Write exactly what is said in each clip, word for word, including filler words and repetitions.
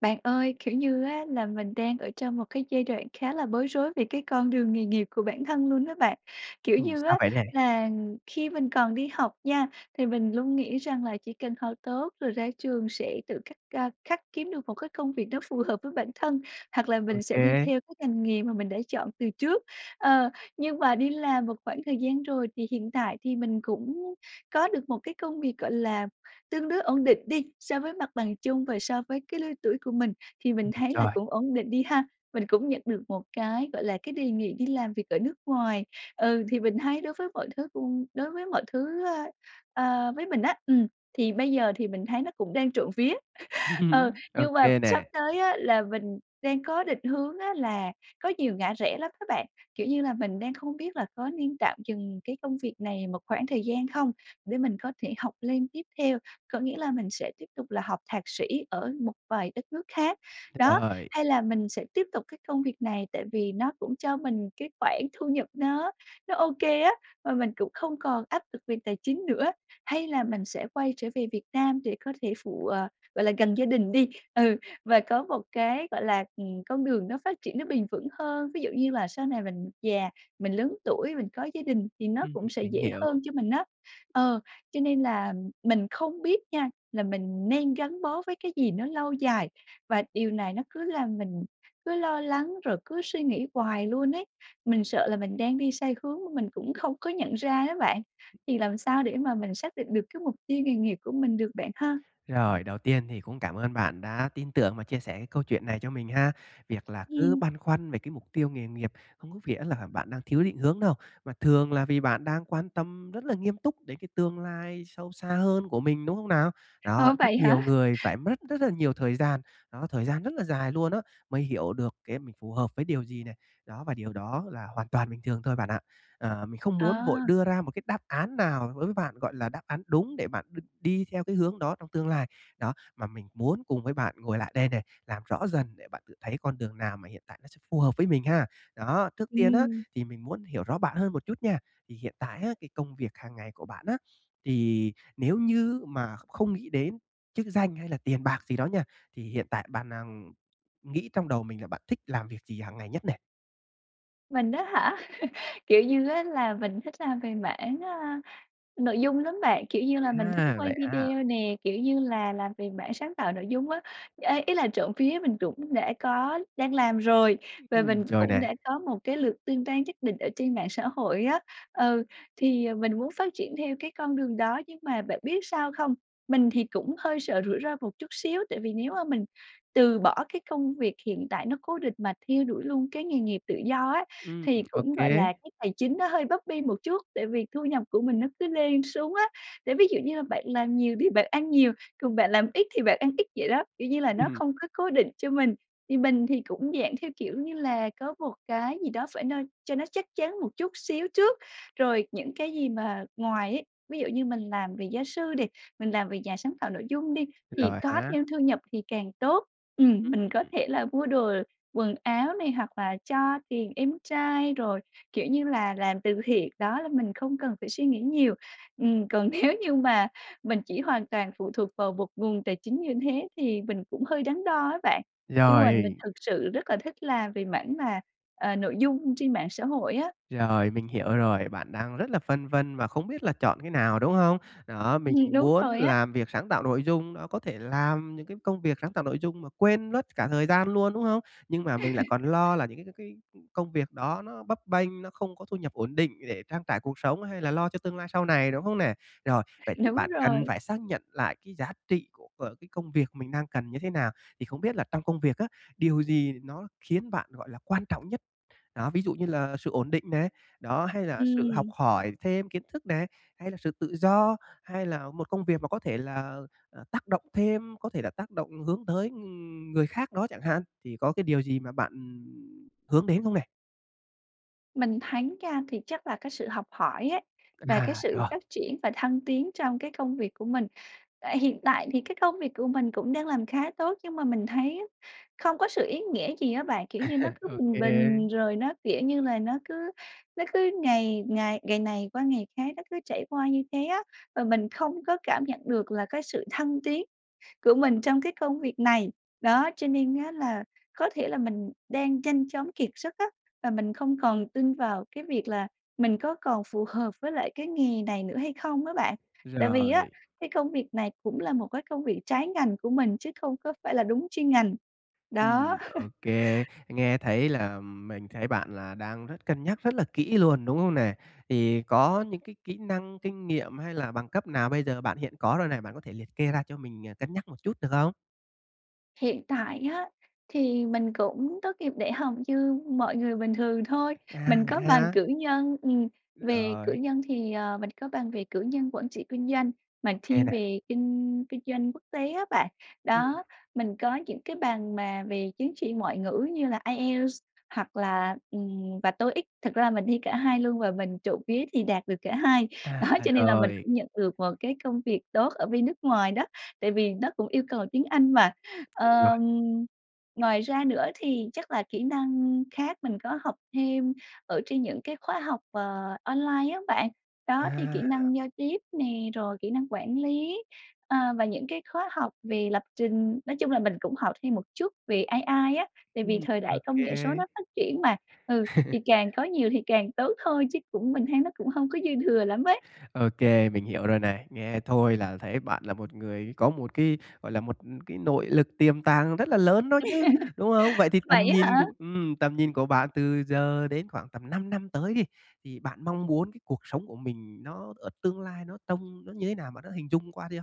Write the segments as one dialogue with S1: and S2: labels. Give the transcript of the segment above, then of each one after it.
S1: Bạn ơi, kiểu như á, là mình đang ở trong một cái giai đoạn khá là bối rối về cái con đường nghề nghiệp của bản thân luôn á bạn. Kiểu
S2: Ừm,
S1: như
S2: sao
S1: á,
S2: vậy nè?
S1: là khi mình còn đi học nha, thì mình luôn nghĩ rằng là chỉ cần học tốt rồi ra trường sẽ tự khắc, à, khắc kiếm được một cái công việc nó phù hợp với bản thân, hoặc là
S2: Ô
S1: mình sẽ đi
S2: kê.
S1: theo cái ngành nghề mà mình đã chọn từ trước. Ờ, nhưng mà đi làm một khoảng thời gian rồi thì hiện tại thì mình cũng có được một cái công việc, gọi là, tương đối ổn định đi so với mặt bằng chung và so với cái lứa tuổi của mình, thì mình
S2: Ừm, ừm,
S1: thấy là
S2: rồi.
S1: cũng ổn định đi ha. Mình cũng nhận được một cái, gọi là, cái đề nghị đi làm việc ở nước ngoài. Ừ, thì mình thấy đối với mọi thứ cũng đối với mọi thứ, ơ, ờ, với mình á, ừm, thì bây giờ thì mình thấy nó cũng đang trộm vía. Ờ,
S2: Ừm, ô
S1: nhưng mà
S2: kê
S1: sắp
S2: nè.
S1: tới á, là mình đang có định hướng á là có nhiều ngã rẽ lắm á bạn. Kiểu như là mình đang không biết là có nên tạm dừng cái công việc này một khoảng thời gian không để mình có thể học lên tiếp theo. Có nghĩa là mình sẽ tiếp tục là học thạc sĩ ở một vài đất nước khác, đó.
S2: Rồi.
S1: Hay là mình sẽ tiếp tục cái công việc này, tại vì nó cũng cho mình cái khoản thu nhập nó nó ô kê á, mà mình cũng không còn áp lực về tài chính nữa. Hay là mình sẽ quay trở về Việt Nam để có thể phụ, ờ, gọi là gần gia đình đi. Ừ, và có một cái, gọi là, ừm, con đường nó phát triển nó bền vững hơn. Ví dụ như là sau này mình già, mình lớn tuổi, mình có gia đình, thì nó
S2: Ừm,
S1: cũng sẽ
S2: mình
S1: dễ
S2: hiểu.
S1: hơn cho mình á. Ờ, cho nên là mình không biết nha, là mình nên gắn bó với cái gì nó lâu dài, và điều này nó cứ làm mình cứ lo lắng rồi cứ suy nghĩ hoài luôn ấy. Mình sợ là mình đang đi sai hướng mà mình cũng không có nhận ra ấy bạn. Thì làm sao để mà mình xác định được cái mục tiêu nghề nghiệp của mình được, bạn ha?
S2: Rồi, đầu tiên thì cũng cảm ơn bạn đã tin tưởng và chia sẻ cái câu chuyện này cho mình ha. Việc là cứ
S1: Ừm.
S2: băn khoăn về cái mục tiêu nghề nghiệp hông có nghĩa là bạn đang thiếu định hướng đâu, mà thường là vì bạn đang quan tâm rất là nghiêm túc đến cái tương lai sâu xa hơn của mình, đúng không nào? Đó,
S1: Ủa,
S2: rất
S1: vậy hả?
S2: nhiều người phải mất rất là nhiều thời gian, đó, thời gian rất là dài luôn á, mới hiểu được cái mình phù hợp với điều gì này. Đó, và điều đó là hoàn toàn bình thường thôi, bạn ạ. Ờ, mình không muốn vội
S1: À.
S2: đưa ra một cái đáp án nào đối với bạn, gọi là, đáp án đúng để bạn đ đi theo cái hướng đó trong tương lai. Đó, mà mình muốn cùng với bạn ngồi lại đây nè, làm rõ dần để bạn tự thấy con đường nào mà hiện tại nó sẽ phù hợp với mình ha. Đó, trước tiên á,
S1: Ừm.
S2: thì mình muốn hiểu rõ bạn hơn một chút nha. Thì hiện tại á, cái công việc hàng ngày của bạn á, thì nếu như mà kh không nghĩ đến chức danh hay là tiền bạc gì đó nha, thì hiện tại bạn đang nghĩ trong đầu mình là bạn thích làm việc gì hàng ngày nhất nè?
S1: Mình á hả? Kiểu như á, là mình thích làm về mảng, a, nội dung lắm bạn, kiểu như là, mình thích
S2: À,
S1: quay
S2: vậy ha.
S1: video nè, kiểu như là, làm về mảng sáng tạo nội dung á. Ê, ý là trộm vía mình cũng đã có đang làm rồi và
S2: Ừm,
S1: mình
S2: rồi
S1: cũng
S2: nè.
S1: đã có một cái lượt tương tác nhất định ở trên mạng xã hội á. Ừ, thì, ờ, mình muốn phát triển theo cái con đường đó, nhưng mà bạn biết sao không? Mình thì cũng hơi sợ rủi ro một chút xíu, tại vì nếu mà mình từ bỏ cái công việc hiện tại nó cố định mà theo đuổi luôn cái nghề nghiệp tự do á,
S2: Ưm,
S1: thì
S2: ừm, ô
S1: cũng,
S2: kê.
S1: gọi là, cái tài chính nó hơi bấp bênh một chút, tại vì thu nhập của mình nó cứ lên xuống á. Để ví dụ như là bạn làm nhiều thì bạn ăn nhiều, còn bạn làm ít thì bạn ăn ít vậy đó, kiểu như là, nó
S2: Ừm.
S1: không có cố định cho mình, thì mình thì cũng dạng theo kiểu như là có một cái gì đó phải no cho nó chắc chắn một chút xíu trước, rồi những cái gì mà ngoài ấy ví dụ như mình làm về gia sư đi, mình làm việc nhà sáng tạo nội dung đi thì
S2: Giỏi
S1: có
S2: há.
S1: thêm thu nhập thì càng tốt. Ừm,
S2: Ưm,
S1: mình
S2: ừm,
S1: có
S2: ừm.
S1: thể là mua đồ quần áo này, hoặc là cho tiền em trai, rồi, kiểu như là, làm từ thiện. Đó, là mình không cần phải suy nghĩ nhiều. Ừm, còn nếu như mà mình chỉ hoàn toàn phụ thuộc vào một nguồn tài chính như thế thì mình cũng hơi đắn đo á bạn, nhưng mà mình
S2: Rồi.
S1: thực sự rất là thích làm về mảng mà, ờ, nội dung trên mạng xã hội á.
S2: Rồi, mình hiểu rồi, bạn đang rất là phân vân và không biết là chọn cái nào, đúng không? Đó, mình
S1: Ừm, đúng
S2: muốn
S1: rồi á.
S2: làm việc sáng tạo nội dung, đó, có thể làm những cái công việc sáng tạo nội dung mà quên mất cả thời gian luôn, đúng không? Nhưng mà mình lại còn lo là những c c cái công việc đó nó bấp bênh, nó không có thu nhập ổn định để trang trải cuộc sống hay là lo cho tương lai sau này, đúng không nè? Rồi, vậy thì
S1: Đúng
S2: bạn cần
S1: rồi.
S2: phải xác nhận lại cái giá trị của, ờ, cái công việc mình đang cần như thế nào. Thì không biết là trong công việc á, điều gì nó khiến bạn, gọi là, quan trọng nhất? Đó, ví dụ như là sự ổn định này, đó, hay là sự học
S1: Ừm.
S2: hỏi thêm kiến thức này, hay là sự tự do, hay là một công việc mà có thể là, ờ, tác động thêm, có thể là tác động hướng tới, ừm, người khác đó chẳng hạn, thì có cái điều gì mà bạn, ừm, hướng đến không nè?
S1: Mình thấy nha, thì chắc là cái sự học hỏi ấy, và cái
S2: À,
S1: sự
S2: rồi.
S1: phát triển và thăng tiến trong cái công việc của mình. À, hiện tại thì cái công việc của mình cũng đang làm khá tốt, nhưng mà mình thấy á, không có sự ý nghĩa gì á bạn. Kiểu như nó cứ bình
S2: OK.
S1: bình rồi nó, kiểu như là, nó cứ nó cứ ngày ngày ngày này qua ngày khác nó cứ trải qua như thế á, và mình không có cảm nhận được là cái sự thăng tiến của mình
S2: Ừm.
S1: trong cái công việc này. Đó, cho nên á là có thể là mình đang nhanh chóng kiệt sức á, và mình không còn tin vào cái việc là mình có còn phù hợp với lại cái nghề này nữa hay không á bạn. Tại vì á,
S2: Rồi.
S1: cái công việc này cũng là một cái công việc trái ngành của mình chứ không có phải là đúng chuyên ngành, đó.
S2: Ừm, OK, nghe thấy là mình thấy bạn là đang rất cân nhắc rất là kỹ luôn, đúng không nè? Thì có những cái kỹ năng, kinh nghiệm hay là bằng cấp nào bây giờ bạn hiện có rồi nè, bạn có thể liệt kê ra cho mình, à, cân nhắc một chút được không?
S1: Hiện tại á, thì mình cũng tốt nghiệp đại học như mọi người bình thường thôi.
S2: À!
S1: Mình
S2: Vậy
S1: có bằng
S2: ha.
S1: cử nhân, ừm, về cử
S2: Rồi.
S1: nhân thì, ờ, mình có bằng về cử nhân quản trị kinh doanh mà
S2: OK
S1: thiên
S2: nè.
S1: về kinh kinh doanh quốc tế á bạn.
S2: Ừm.
S1: Đó, mình có những cái bằng mà về chứng chỉ ngoại ngữ như là IELTS hoặc là, ừm, và TOEIC. Thật ra là mình thi cả hai luôn và mình trộm vía thì đạt được cả hai.
S2: À,
S1: Đó,
S2: à
S1: cho nên là mình
S2: rồi.
S1: cũng nhận được một cái công việc tốt ở bên nước ngoài đó, tại vì nó cũng yêu cầu tiếng Anh mà.
S2: Đúng rồi.
S1: Ờm, ngoài ra nữa thì chắc là kỹ năng khác mình có học thêm ở trên những cái khóa học, ờ, online á bạn. Đó, thì kỹ
S2: À.
S1: năng giao tiếp nè, rồi kỹ năng quản lý, à, và những cái khóa học về lập trình. Nói chung là mình cũng học thêm một chút về AI á, tại
S2: Ừm,
S1: vì thời đại công nghệ số
S2: OK.
S1: nó phát triển mà. Ừ, thì càng có nhiều thì càng tốt thôi chứ cũng mình thấy nó cũng hông có dư thừa lắm ấy.
S2: OK, mình hiểu rồi này. Nghe thôi là thấy bạn là một người có một cái, gọi là, một cái nội lực tiềm tàng rất là lớn đó chứ, đúng không? Vậy thì tầm
S1: Vậy
S2: nhìn
S1: á hả?
S2: cua ừm, tầm nhìn của bạn từ giờ đến khoảng tầm năm năm tới đi, thì bạn mong muốn cái cuộc sống của mình nó ở tương lai nó trông nó như thế nào, bạn đã hình dung qua chưa?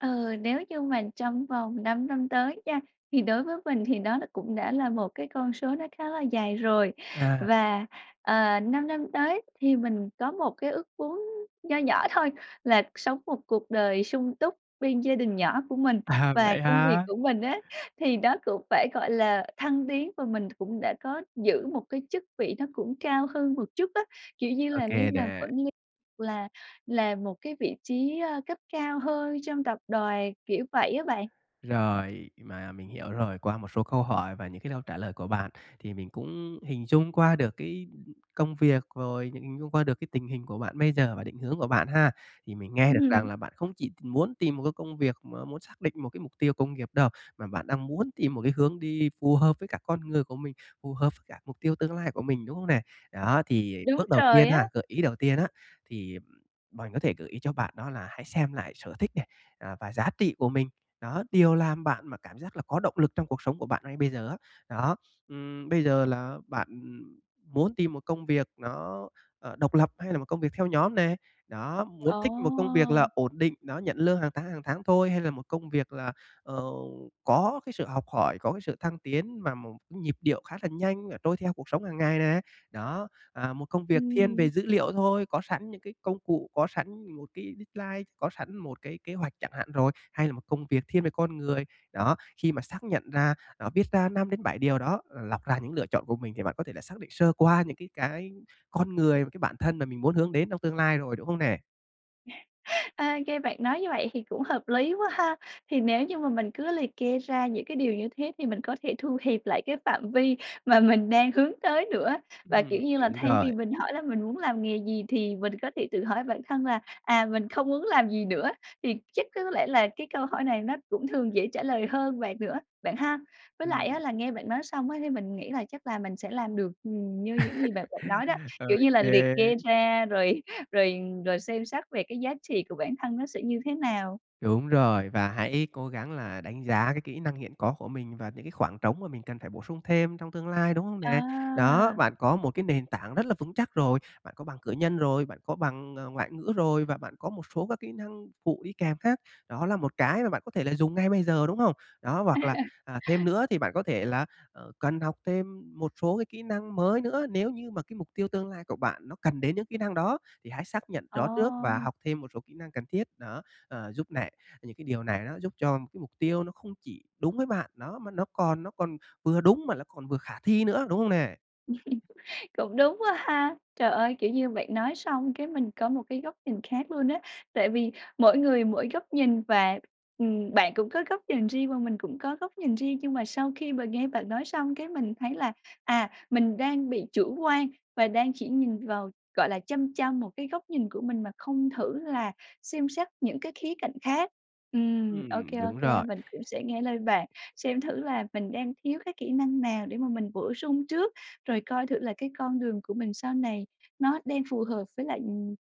S1: Ừ, nếu như mình trong vòng năm năm tới nha, thì đối với mình thì nó là cũng đã là một cái con số nó khá là dài rồi,
S2: À.
S1: và, ờ, năm năm tới thì mình có một cái ước muốn nho nhỏ thôi là sống một cuộc đời sung túc bên gia đình nhỏ của mình,
S2: À,
S1: và
S2: vậy
S1: công việc
S2: hả?
S1: của mình á, thì nó cũng phải, gọi là, thăng tiến và mình cũng đã có giữ một cái chức vị nó cũng cao hơn một chút á, kiểu như
S2: Ô
S1: là, lên
S2: kê
S1: làm
S2: nè.
S1: quản lý là làm một cái vị trí, ơ, cấp cao hơn trong tập đoàn, kiểu, vậy á bạn.
S2: Rồi, mà mình hiểu rồi, qua một số câu hỏi và những cái câu trả lời của bạn thì mình cũng hình dung qua được cái công việc, rồi hình dung qua được cái tình hình của bạn bây giờ và định hướng của bạn ha. Thì mình nghe được rằng
S1: Ừm.
S2: là bạn không chỉ muốn tìm một cái công việc mà muốn xác định một cái mục tiêu công nghiệp đâu, mà bạn đang muốn tìm một cái hướng đi phù hợp với cả con người của mình, phù hợp với cả mục tiêu tương lai của mình, đúng không nè? Đó, thì
S1: Đúng
S2: bước đầu
S1: rồi
S2: tiên ha
S1: á.
S2: gợi ý đầu tiên á, thì mình có thể gợi ý cho bạn đó là hãy xem lại sở thích nè, à, và giá trị của mình, đó, điều làm bạn mà cảm giác là có động lực trong cuộc sống của bạn ngay bây giờ á, đó. Ừm, bây giờ là bạn muốn tìm một công việc nó, ờ, độc lập hay là một công việc theo nhóm nè? Đó, muốn
S1: Ờ!
S2: thích một công việc là ổn định, đó nhận lương hàng tháng, hàng tháng thôi, hay là một công việc là, ờ, có cái sự học hỏi, có cái sự thăng tiến mà một nhịp điệu khá là nhanh, ờ, trôi theo cuộc sống hàng ngày nè? Đó, à, một công việc thiên
S1: Ừm.
S2: về dữ liệu thôi, có sẵn những cái công cụ, có sẵn một cái deadline, có sẵn một cái kế hoạch chẳng hạn rồi, hay là một công việc thiên về con người? Đó, khi mà xác nhận ra, đó viết ra năm đến bảy điều đó, ờ, lọc ra những lựa chọn của mình thì bạn có thể là xác định sơ qua những cái cái con người và cái bản thân mà mình muốn hướng đến trong tương lai rồi, đúng không nè?
S1: Ô kê, bạn nói như vậy thì cũng hợp lý quá ha. Thì nếu như mà mình cứ liệt kê ra những cái điều như thế, thì mình có thể thu hẹp lại cái phạm vi mà mình đang hướng tới nữa. Và, kiểu
S2: Ừm,
S1: như là,
S2: đúng
S1: thay vì
S2: rồi.
S1: mình hỏi là: "Mình muốn làm nghề gì?", thì mình có thể tự hỏi bản thân là, à: "Mình không muốn làm gì nữa?" Thì chắc có lẽ là cái câu hỏi này nó cũng thường dễ trả lời hơn bạn nữa, bạn ha? Với lại á
S2: Ừm.
S1: là nghe bạn nói xong á, thì mình nghĩ là chắc là mình sẽ làm được, ừm, như những gì bạn gợi nói đó.
S2: Ô
S1: Kiểu như là liệt
S2: kê.
S1: kê ra rồi rồi rồi xem xét về cái giá trị của bản thân nó sẽ như thế nào.
S2: Đúng rồi, và hãy cố gắng là đánh giá cái kỹ năng hiện có của mình và những cái khoảng trống mà mình cần phải bổ sung thêm trong tương lai, đúng không nè? Đó,
S1: À!
S2: bạn có một cái nền tảng rất là vững chắc rồi. Bạn có bằng cử nhân rồi, bạn có bằng, ờ, ngoại ngữ rồi, và bạn có một số các kỹ năng phụ đi kèm khác. Đó là một cái mà bạn có thể là dùng ngay bây giờ, đúng không? Đó, hoặc là, à, thêm nữa á, thì bạn có thể là, ờ, cần học thêm một số cái kỹ năng mới nữa. Nếu như mà cái mục tiêu tương lai của bạn nó cần đến những kỹ năng đó, thì hãy xác nhận rõ trước và
S1: Ờ!
S2: học thêm một số kỹ năng cần thiết, đó. Ờ, giúp này những cái điều này nó giúp cho cái mục tiêu nó không chỉ đúng với bạn, đó, mà nó còn nó còn vừa đúng mà nó còn vừa khả thi nữa, đúng không nè?
S1: Cũng đúng quá ha. Trời ơi! Kiểu như bạn nói xong cái mình có một cái góc nhìn khác luôn á. Tại vì mỗi người mỗi góc nhìn, và, ừm, bạn cũng có góc nhìn riêng và mình cũng có góc nhìn riêng. Nhưng mà sau khi mà nghe bạn nói xong cái mình thấy là, à, mình đang bị chủ quan và đang chỉ nhìn vào, gọi là, chăm chăm một cái góc nhìn của mình mà không thử là xem xét những cái khía cạnh khác. Ừm, ô
S2: Ừm,
S1: kê, ô
S2: đúng
S1: kê,
S2: rồi.
S1: mình cũng sẽ nghe lời bạn xem thử là mình đang thiếu cái kỹ năng nào để mà mình bổ sung trước, rồi coi thử là cái con đường của mình sau này nó đang phù hợp với lại, ừm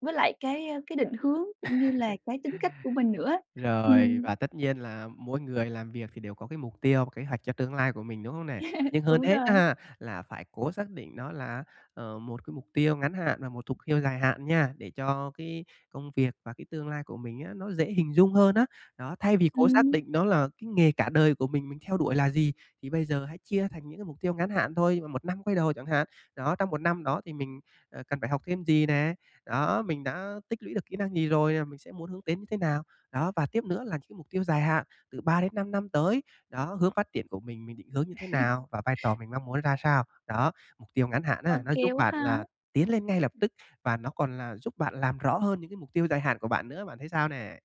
S1: với lại cái cái định hướng cũng như là cái tính cách của mình nữa á.
S2: Rồi,
S1: Ừm.
S2: và tất nhiên là mỗi người làm việc thì đều có cái mục tiêu và kế hoạch cho tương lai của mình, đúng không nè? Nhưng hơn
S1: Đúng
S2: hết á
S1: rồi.
S2: ha, là phải cố xác định nó là, ờ, một cái mục tiêu ngắn hạn và một thục tiêu dài hạn nha, để cho cái công việc và cái tương lai của mình á, nó dễ hình dung hơn á. Đó, thay vì cố xác
S1: Ừm.
S2: định nó là cái nghề cả đời của mình mình theo đuổi là gì, thì bây giờ hãy chia thành những cái mục tiêu ngắn hạn thôi, một năm quay đầu chẳng hạn. Đó, trong một năm đó thì mình, à, cần phải học thêm gì nè, đó, mình đã tích lũy được kỹ năng gì rồi và mình sẽ muốn hướng đến như thế nào? Đó, và tiếp nữa là những cái mục tiêu dài hạn từ ba đến năm năm tới, đó, hướng phát triển của mình, mình định hướng như thế nào và vai trò mình mong muốn ra sao. Đó, mục tiêu ngắn hạn
S1: Ô
S2: á, nó
S1: kê
S2: giúp
S1: quá
S2: bạn là
S1: ha.
S2: tiến lên ngay lập tức và nó còn là giúp bạn làm rõ hơn những cái mục tiêu dài hạn của bạn nữa. Bạn thấy sao nè?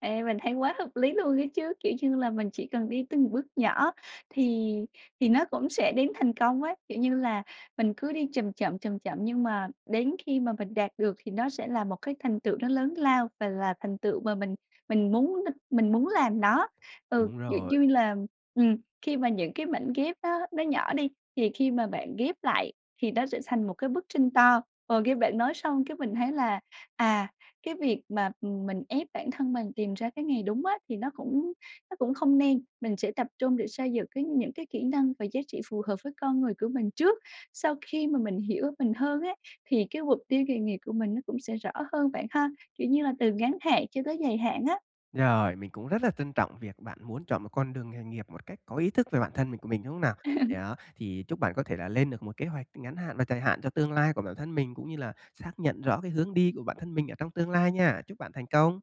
S1: Ê, mình thấy quá hợp lý luôn ấy chứ. Kiểu như là, mình chỉ cần đi từng bước nhỏ thì thì nó cũng sẽ đến thành công á. Kiểu như là, mình cứ đi chầm chậm, chầm chậm, nhưng mà đến khi mà mình đạt được thì nó sẽ là một cái thành tựu nó lớn lao và là thành tựu mà mình mình muốn đ mình muốn làm nó. Ừ,
S2: Đúng
S1: dụ
S2: rồi.
S1: dui làm ừm, khi mà những cái mảnh ghép á, nó nhỏ đi thì khi mà bạn ghép lại thì nó sẽ xành một cái bức tranh to. Ờ, nghe bạn nói xong cái mình thấy là, à, cái việc mà, ừm, mình ép bản thân mình tìm ra cái nghề đúng á, thì nó cũng nó cũng không nên. Mình sẽ tập trung để xây dựng cái những cái kỹ năng và giá trị phù hợp với con người của mình trước. Sau khi mà mình hiểu mình hơn á, thì cái mục tiêu nghề nghiệp của mình nó cũng sẽ rõ hơn, bạn ha? Kiểu như là, từ ngắn hạn cho tới dài hạn á.
S2: Rồi, mình cũng rất là trân trọng việc bạn muốn chọn một con đường nghề nghiệp một cách có ý thức về bản thân mình của mình, đúng không nào? Yeah, thì chúc bạn có thể là lên được một kế hoạch ngắn hạn và dài hạn cho tương lai của bản thân mình cũng như là xác nhận rõ cái hướng đi của bản thân mình ở trong tương lai nha. Chúc bạn thành công!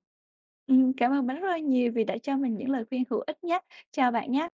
S1: Ừm, cảm ơn bạn rất là nhiều vì đã cho mình những lời khuyên hữu ích nhá. Chào bạn nhá.